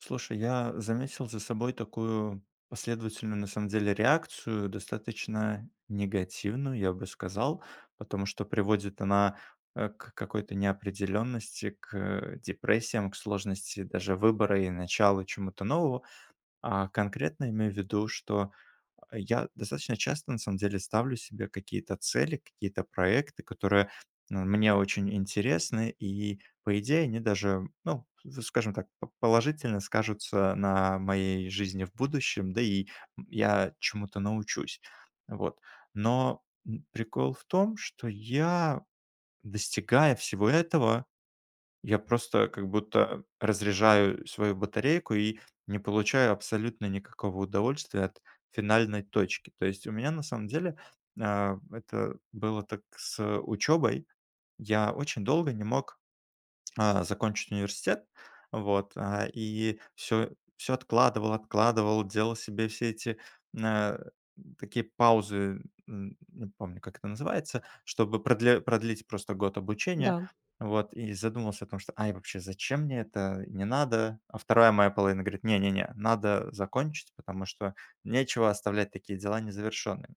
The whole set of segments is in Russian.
Слушай я заметил за собой такую последовательную, на самом деле, реакцию достаточно негативную я бы сказал потому что приводит она, э, к какой-то неопределенности к, депрессиям, к сложности даже выбора, и начала чему-то нового, а. Конкретно я имею в виду, что я достаточно часто, на самом деле, ставлю себе какие-то цели, какие-то проекты, которые, ну, мне очень интересны, и, по идее, они даже ну, в скажем так, п положительно скажутся на моей жизни в будущем, да и, м, я чему-то научусь вот. Но, м, прикол в том, что я, достигая всего этого, я просто как будто э разряжаю свою батарейку, и не получаю абсолютно никакого удовольствия от финальной точки. То есть у меня на самом деле, а, это было так с учебой. Я очень долго не мог, а, закончить университет, вот, а, и всё всё откладывал откладывал, делал себе все эти, а, такие паузы, н не помню как это называется, чтобы продле продлить просто год обучения, Да. вот. И задумался о том, что: "Ай, вообще зачем мне это, не надо". А 2 моя половина говорит: "Не, не, не надо закончить, потому что нечего оставлять такие дела незавершенными",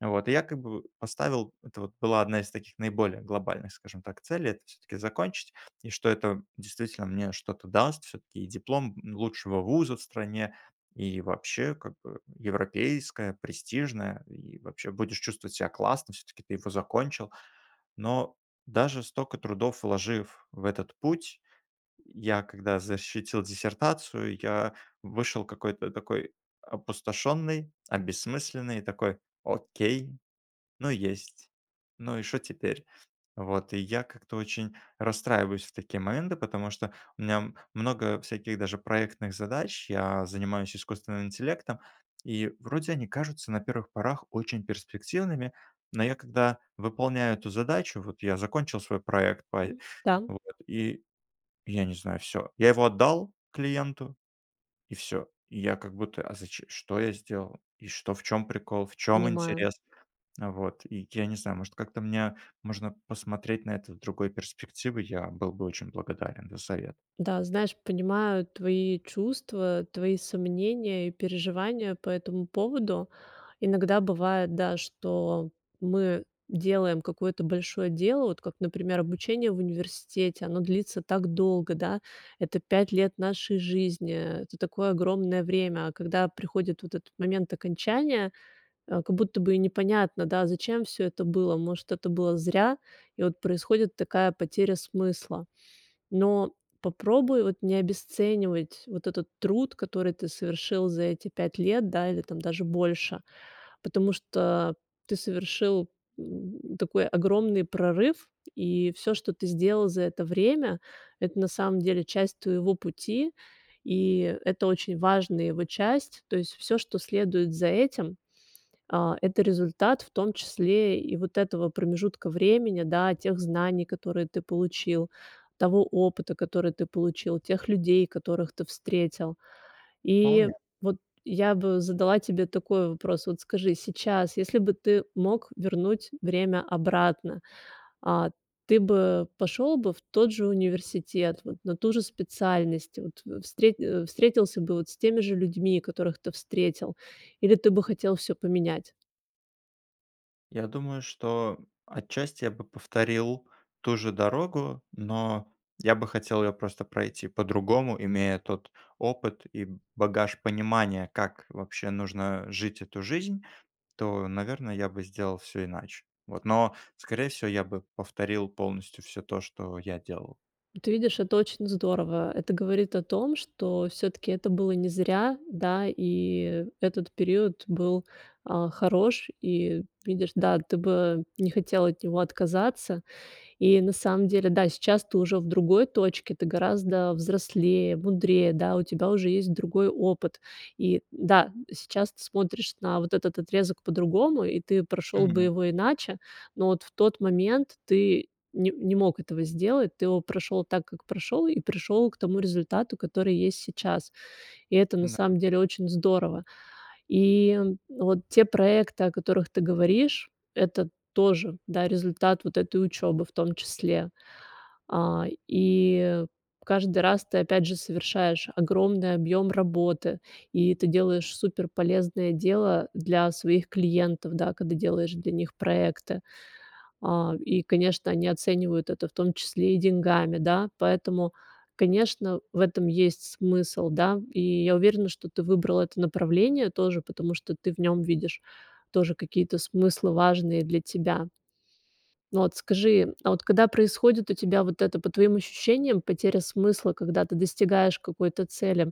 вот. И я как бы поставил, это вот была 1 из таких наиболее глобальных скажем так целей- это всё-таки закончить, и что это действительно мне что-то даст, всё-таки и диплом, н лучшего вуза в стране, и вообще как бы европейское, престижное, и вообще будешь чувствовать себя классно, всё-таки ты его закончил. Но даже стока трудов вложив в этот путь, я когда защитил диссертацию, я вышел какой-то такой опустошенный, обессмысленный, такой: "Окей, ну есть, ну и что теперь?" Вот, и я как-то очень расстраиваюсь в такие моменты, потому что у меня, м много всяких даже проектных задач, я занимаюсь искусственным интеллектом, и вроде они кажутся на первых порах очень перспективными, но я когда выполняю эту задачу, вот я закончил свой проект по и, Да. вот и я не знаю, всё. Я его отдал клиенту, и всё. И я как будто: "А заче что я сделал, и что, в чём прикол, в чём Понимаю. интерес?" Вот и я не знаю может как-то мне можно посмотреть на это с другой перспективы я был бы очень благодарен за совет. Да, знаешь, понимаю твои чувства, твои сомнения, и переживания по этому поводу. Иногда бывает, да, что мы делаем какое-то большое дело, вот как например, обучение в университете, оно длится так долго, да. Это 5 лет нашей жизни, это такое огромное время, а когда приходит вот этот момент окончания, а, как будто бы и непонятно да зачем все это было, может это было зря? И вот происходит такая потеря смысла. Но попробуй вот не обесценивать вот этот труд, который ты совершил за эти 5 лет да или там даже больше. Потому что ты совершил, м, такой огромный прорыв и всё, что ты сделал за это время это на самом деле часть твоего пути и это очень важная его часть. То есть всё, что следует за этим, а, это результат, в том числе и вот этого промежутка времени, да, тех знаний, которые ты получил, того опыта, который ты получил, тех людей, которых ты встретил. И Вполне. вот я бы задала тебе такой вопрос: вот скажи сейчас, если бы ты мог вернуть время обратно, а, ты бы пошел бы в тот же университет, вот на ту же специальность вот, в встрет э, встретился бы вот с теми же людьми, которых ты встретил или ты бы хотел всё поменять? Я думаю, что отчасти я бы повторил ту же дорогу, но я бы хотел её просто пройти по-другому, имея тот опыт и б багаж понимания, как вообще нужно жить эту жизнь, то, наверное, я бы сделал всё иначе, вот но скорее всего я бы повторил полностью всё то, что я делал. Ну ты видишь это очень здорово, это говорит о том, что все-таки это было не зря. Да, и этот период был, а, хорош, и видишь, да, ты бы не хотел от него отказаться. И на самом деле, да, сейчас ты уже в другой точке, ты гораздо взрослее, мудрее, да, у тебя уже есть другой опыт. И да, сейчас ты смотришь на вот этот отрезок по-другому, и ты прошел бы Мгм. его иначе, но вот в тот момент ты не не мог этого сделать. Ты его прошел так, как прошел, и пришел к тому результату, который есть сейчас. И это, на Да. самом деле, очень здорово. И вот те проекты, о которых ты говоришь, это тоже, да, результат вот этой учебы в том числе. А, и каждый раз ты опять же совершаешь огромный объем работы и ты делаешь супер полезное дело для своих клиентов, да, когда делаешь для них проекты. А, и, конечно, они оценивают это в том числе и деньгами, да. Поэтому, конечно, в этом есть смысл, да. И я уверена, что ты выбрал это направление тоже, потому что ты в нем видишь тоже какие-то смыслы важные для тебя. Ну вот, скажи, а вот когда происходит у тебя вот это, по твоим ощущениям потеря смысла, когда ты достигаешь какой-то цели,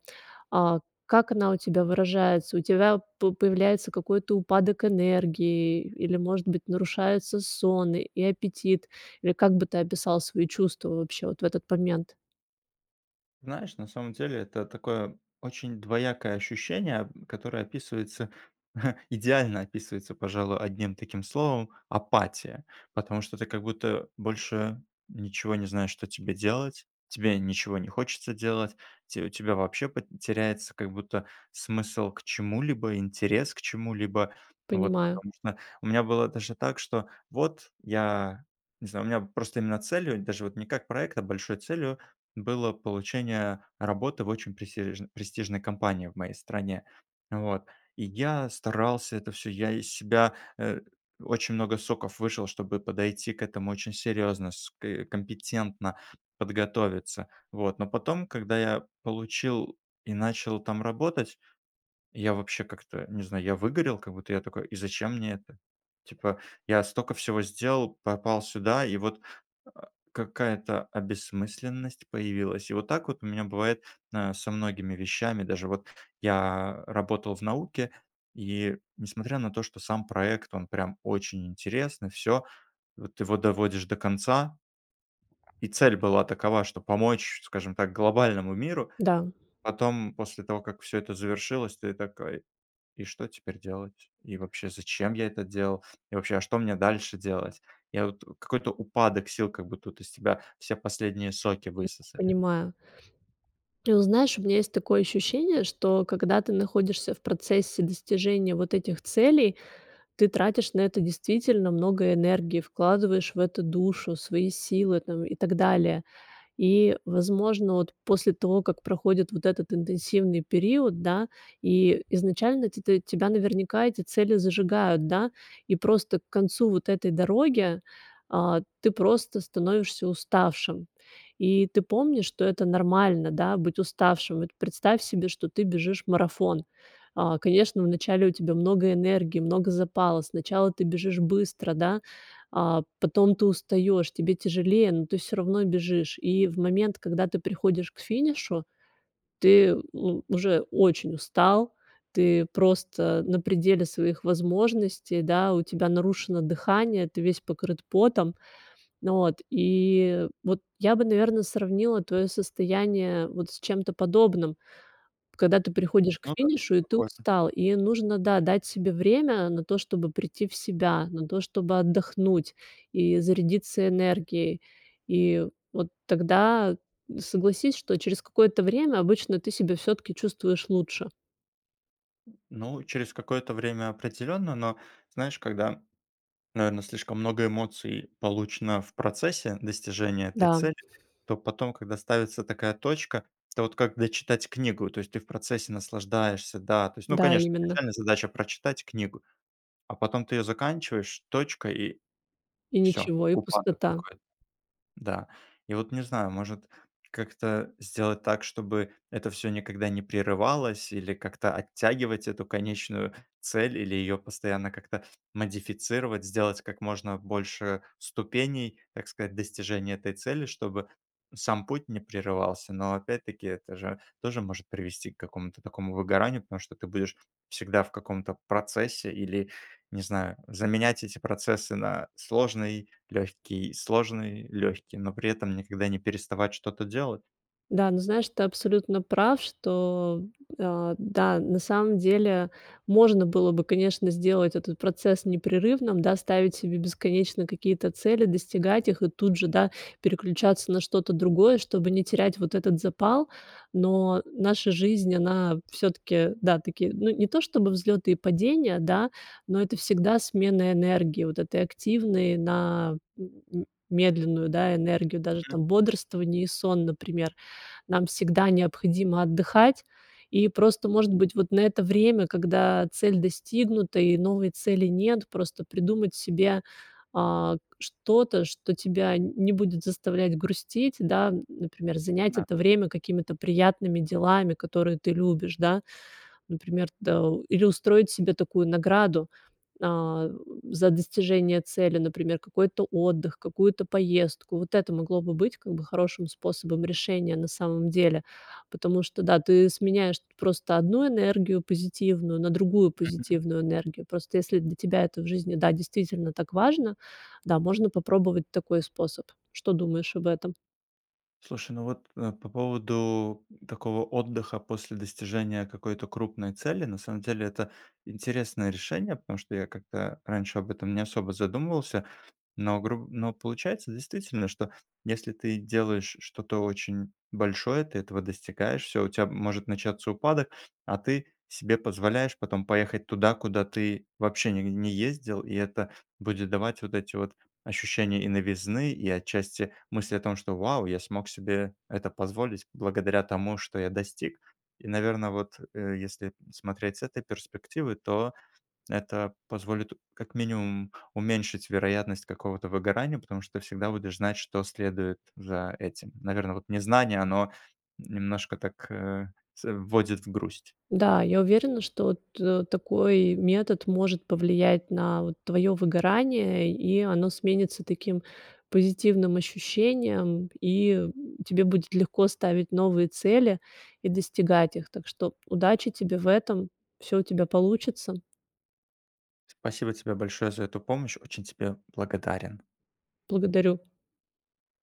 а, как она у тебя выражается? У тебя п появляется какой-то упадок энергии или может быть нарушается сон, и аппетит или как бы ты описал свои чувства, вообще, вот в этот момент? Знаешь, на самом деле это такое, очень двоякое ощущение, которое описывается, идеально описывается пожалуй 1 словом- апатия. Потому что ты как будто больше ничего не знаешь что тебе делать, тебе ничего не хочется делать, те у тебя вообще теряется смысл к чему-либо, интерес к чему-либо. Вот, Понимаю. потому что, у меня было даже так, что вот я не знаю, у меня просто целью, даже не как проект, а большой целью было получение работы в очень престиэж престижной компании в моей стране. Вот, и я старался это всё сделать. Я из себя, э, очень много соков вышел, чтобы подойти к этому очень серьезно, ск компетентно, подготовиться, вот. Но потом, когда я получил и начал там работать, я вообще как-то не знаю, я выгорел как будто я такой: "И зачем мне это?" Типа я столько всего сделал, попал сюда и вот, э, какая-то обессмысленность появилась. И вот так вот у меня бывает со многими вещами, даже вот я работал в науке, и, несмотря на то, что сам проект, он прям очень интересный, всё, вот его доводишь до конца и цель была такова, что помочь, скажем так, глобальному миру. Да. Потом, после того как всё это завершилось, ты такой: "И что теперь делать? И вообще, зачем я это делал? И вообще, а что мне дальше делать?" Я вот какой-то упадок сил, как будто тут из тебя все последние соки высосали. Понимаю. Ты знаешь, у меня есть такое ощущение, что когда ты находишься в процессе достижения вот этих целей, ты тратишь на это действительно много энергии, вкладываешь в это душу, свои силы, там, и так далее. И, возможно, вот, после того, как проходит вот этот интенсивный период, да, и изначально ти ты, тебя наверняка эти цели зажигают, да, и просто к концу вот этой дороги, а, ты просто становишься уставшим. И ты помнишь что это нормально, да, быть уставшим. Вот представь себе что ты бежишь марафон. А, конечно вначале у тебя много энергии, много запала. Сначала ты бежишь быстро да, а, потом ты устаешь, тебе тяжелее но ты всё равно бежишь. И в момент, когда ты приходишь к финишу, ты у уже очень устал, ты просто на пределе своих возможностей, да, у тебя нарушено дыхание, ты весь покрыт потом. От, и вот я бы наверное сравнила твое состояние вот с чем-то подобным, когда ты приходишь к Ну да, финишу и ты похоже. устал, и нужно, да, дать себе время на то, чтобы прийти в себя, на то, чтобы отдохнуть и зарядиться энергией. И вот тогда, согласись, что через какое-то время обычно ты себя всё-таки чувствуешь лучше. Ну, через какое-то время определённо, но знаешь, когда наверно слишком много эмоций получено в процессе достижения этой Да. цели, то потом когда ставится такая точка, это вот как дочитать книгу, то есть ты в процессе наслаждаешься, да, то есть ну Да, конечно именно. начальная задача прочитать книгу, а потом ты её заканчиваешь, точка- и И всё, ничего, и упадок пустота. какой-то. Да. И вот не знаю, может как-то сделать так, чтобы это всё никогда не прерывалось, или как-то оттягивать эту конечную цель, или её постоянно как-то модифицировать, сделать как можно больше ступеней, так сказать, достижения этой цели, чтобы сам путь не прерывался. Но, опять-таки, это же тоже может привести к какому-то такому выгоранию, потому что ты будешь всегда в каком-то процессе или, не знаю, заменять эти процессы на сложный, легкий, сложный, легкий, но при этом никогда не переставать что-то делать. Да, ну знаешь, ты абсолютно прав, что, а, да, на самом деле, можно было бы, конечно, сделать этот процесс непрерывным, да. Ставить себе бесконечно какие-то цели, достигать их и тут же, да, переключаться на что-то другое, чтобы не терять вот этот запал. Но наша жизнь- она всё-таки, да, таки, ну, не то, чтобы взлеты и падения, да, но это всегда смена энергии вот этой активной на м медленную, да, энергию, даже там бодрствование и сон, например, нам всегда необходимо отдыхать и просто может быть вот на это время, когда цель достигнута, и новой цели нет, просто придумать себе, а, к что-то, что тебя нь не будет заставлять грустить, да, например, занять Да. это время какими-то приятными делами, которые ты любишь, да. Например, да, или устроить себе такую награду, а, за достижение цели, например, какой-то отдых, какую-то поездку. Вот это могло бы быть как бы хорошим способом решения, на самом деле, потому что да, ты сменяешь просто одну энергию позитивную на другую Мгм. позитивную энергию. Просто если для тебя это в жизни, да, действительно так важно, да, можно попробовать такой способ. Что думаешь об этом? Слушай, ну вот, э, по поводу такого отдыха после достижения какой-то крупной цели- на самом деле, это интересное решение. Потому что я как-то раньше об этом не особо задумывался. Но груб но получается, действительно, что если ты делаешь что-то очень большое, ты этого достигаешь. Всё, у тебя может начаться упадок, а ты себе позволяешь потом поехать туда, куда ты вообще не не ездил, и это будет давать вот эти вот ощущения и новизны, и отчасти мысли о том, что: "Вау, я смог себе это позволить благодаря тому, что я достиг". И, наверно, вот, э, если смотреть с этой перспективы, то это позволит, как минимум, уменьшить вероятность какого-то выгорания, потому что ты всегда будешь знать, что следует за этим. Наверно, вот, незнание- оно, немножко так, э, с вводит в грусть. Да, я уверена, что т такой метод может повлиять на, вот, твоё выгорание, и оно сменится таким позитивным ощущением, и тебе будет легко ставить новые цели и достигать их. Так что удачи тебе в этом, всё у тебя получится. Спасибо тебе большое за эту помощь, очень тебе благодарен. Благодарю.